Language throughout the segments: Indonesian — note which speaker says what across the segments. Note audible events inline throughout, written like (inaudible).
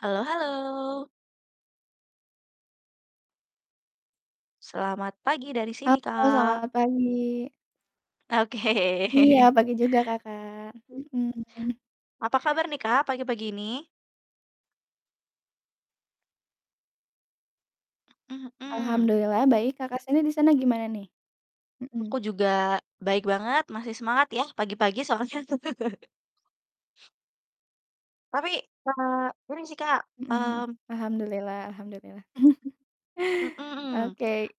Speaker 1: Halo halo. Selamat pagi dari sini
Speaker 2: Halo
Speaker 1: Kak.
Speaker 2: selamat pagi. Iya
Speaker 1: Oke.
Speaker 2: pagi juga Kakak, mhm.
Speaker 1: Apa kabar nih Kak pagi-pagi ini? Mhm mhm.
Speaker 2: Alhamdulillah baik Kakak sini di sana gimana nih?
Speaker 1: Aku
Speaker 2: Mhm.
Speaker 1: juga baik banget, masih semangat ya pagi-pagi soalnya. (chuckles) Tapi, eee, gini sih Kak,
Speaker 2: Mhm mhm.
Speaker 1: mmm
Speaker 2: Alhamdulillah alhamdulillah. (chuckles)
Speaker 1: Mmm.
Speaker 2: Oke.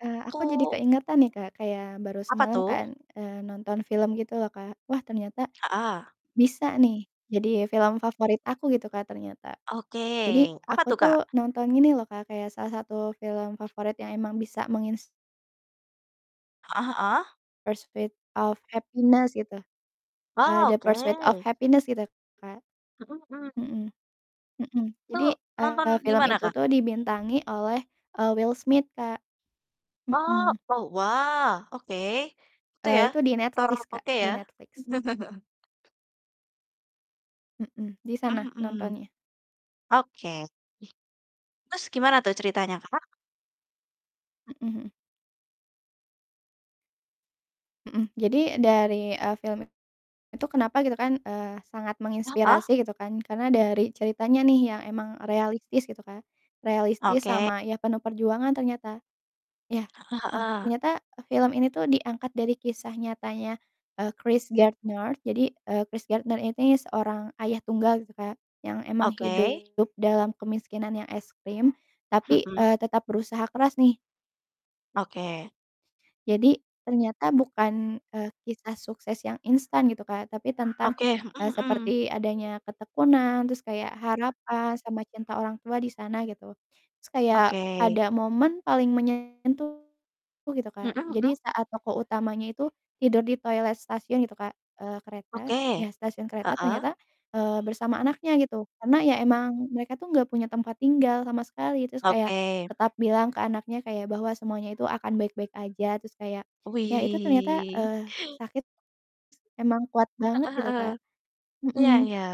Speaker 2: Eee, aku jadi
Speaker 1: Aku
Speaker 2: keingetan nih Kak kayak baru
Speaker 1: Apa
Speaker 2: semalam
Speaker 1: tuh?
Speaker 2: kan, eee, nonton film gitu loh Kak. Wah ternyata
Speaker 1: Heeh.
Speaker 2: bisa nih jadi film favorit aku gitu Kak ternyata.
Speaker 1: Oke,
Speaker 2: Jadi
Speaker 1: apa
Speaker 2: aku
Speaker 1: tuh
Speaker 2: tuh
Speaker 1: Kak?
Speaker 2: nonton ini loh Kak, kayak salah satu film favorit yang emang bisa mengins
Speaker 1: Heeh heeh.
Speaker 2: Pursuit of Happiness gitu. Eee,
Speaker 1: Wah,
Speaker 2: The Pursuit of
Speaker 1: oke.
Speaker 2: Happiness gitu Kak,
Speaker 1: Mhm mhm.
Speaker 2: mhm. Mhm,
Speaker 1: Itu
Speaker 2: jadi, eee,
Speaker 1: nonton di
Speaker 2: film
Speaker 1: mana
Speaker 2: itu
Speaker 1: Kak?
Speaker 2: tuh dibintangi oleh, eee, Will Smith Kak.
Speaker 1: Oh
Speaker 2: Mhm.
Speaker 1: oh wah oke. Itu
Speaker 2: Eee,
Speaker 1: ya.
Speaker 2: itu di
Speaker 1: Ter
Speaker 2: Netflix Kak,
Speaker 1: oke
Speaker 2: di
Speaker 1: ya.
Speaker 2: Netflix.
Speaker 1: (laughs)
Speaker 2: Mhm, di sana
Speaker 1: Mmm, mhm.
Speaker 2: nontonnya
Speaker 1: Oke. Terus gimana tuh ceritanya Kakak.
Speaker 2: Mhm, mmm. Mhm, jadi dari, eee, film itu kenapa gitu kan eee, sangat
Speaker 1: Heeh.
Speaker 2: menginspirasi gitu kan karena dari ceritanya nih yang emang realistis gitu Kak. Realistis
Speaker 1: Oke.
Speaker 2: sama ya penuh perjuangan ternyata. Ya,
Speaker 1: Heeh
Speaker 2: heeh,
Speaker 1: heeh.
Speaker 2: ternyata film ini tuh diangkat dari kisah nyatanya, eee, Chris Gardner jadi, eee, Chris Gardner ini seorang ayah tunggal gitu Kak. Yang emang
Speaker 1: Oke.
Speaker 2: hidup dalam kemiskinan yang ekstrim tapi,
Speaker 1: Mhm.
Speaker 2: eee, tetap berusaha keras nih.
Speaker 1: Oke.
Speaker 2: Jadi ternyata bukan, eee, kisah sukses yang instan gitu Kak, tapi tentang
Speaker 1: Oke. Mhm mhm.
Speaker 2: seperti adanya ketekunan terus kayak harapan sama cinta orang tua di sana gitu. Terus kayak
Speaker 1: Oke.
Speaker 2: ada momen paling meyentuh gitu
Speaker 1: Mhm
Speaker 2: Kak,
Speaker 1: mhm.
Speaker 2: jadi saat tokoh utamanya itu tidur di toilet stasiun gitu Kak, eee, kereta,
Speaker 1: Oke.
Speaker 2: ya stasiun kereta
Speaker 1: Heeh.
Speaker 2: ternyata, eee, bersama anaknya gitu karena ya emang mereka tuh gak punya tempat tinggal sama sekali, terus kayak
Speaker 1: Oke.
Speaker 2: tetap bilang ke anaknya kayak bahwa semuanya itu akan baik-baik aja, terus kayak ya itu ternyata,
Speaker 1: Wih.
Speaker 2: eee, sakit s emang kuat banget
Speaker 1: Heeh
Speaker 2: gitu
Speaker 1: heeh.
Speaker 2: Kak
Speaker 1: Iya
Speaker 2: Mhm.
Speaker 1: iya.